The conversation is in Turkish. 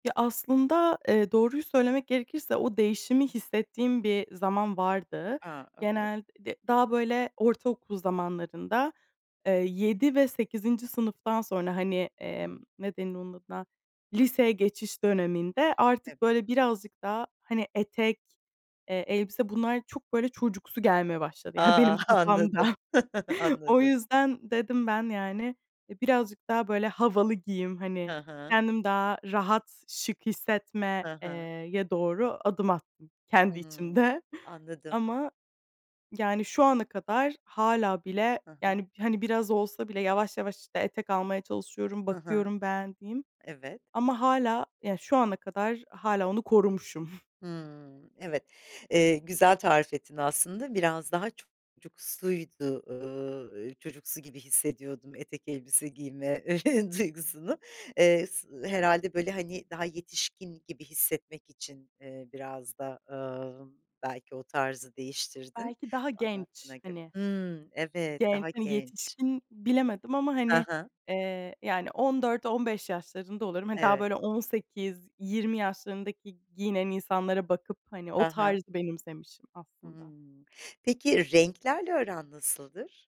Ya, aslında, ııı, doğruyu söylemek gerekirse o değişimi hissettiğim bir zaman vardı. Ha, evet. Genel d daha, böyle, ortaokul zamanlarında, eee, 7 ve 8'inci sınıftan sonra, hani, emm, Hımm. ne denir onun adına, liseye geçiş döneminde Evet. artık böyle birazcık daha, hani, etek, eee, elbise bunlar çok böyle çocuksu gelmeye başladı. Yani, benim Ah, kafamda. anladım, O anladım. yüzden dedim ben, yani, e, birazcık daha, böyle, havalı giyeyim, Hı hani, hı. kendim daha rahat, şık hissetme Hı eee, hı. ye doğru adım attım kendi Hıı, içimde. anladım. Ama, yani, şu ana kadar hâlâ bile, Hı hı. yani, hani, biraz olsa bile yavaş yavaş, işte, etek almaya çalışıyorum, Hı hı. bakıyorum beğendiğim. Evet. Ama hâlâ, yani, şu ana kadar hâlâ onu korumuşum. Hımm. Evet. Eee, güzel tarif ettin aslında biraz daha çocukusuydu, ııı, çocuksu gibi hissediyordum etek, elbise giyme duygusunu. Eee, s Evet. herhâlde böyle, hani, daha yetişkin gibi hissetmek için, ııı, biraz da, ımm, belki o tarzı değiştirdin Belki daha genç, anlattığına göre. hani. Hımm, evet, Genç, daha hani, genç. yetişkin bilemedim ama, Hı hani, hı. eee, ya, hani 14-15 yaşlarında oluyorum. Hani, daha Evet. böyle 18-20 yaşlarındaki giyinen insanlara bakıp, hani, o Hı hı. tarzı benimsemişim aslında. Hımm, peki, renklerle aran nasıldır?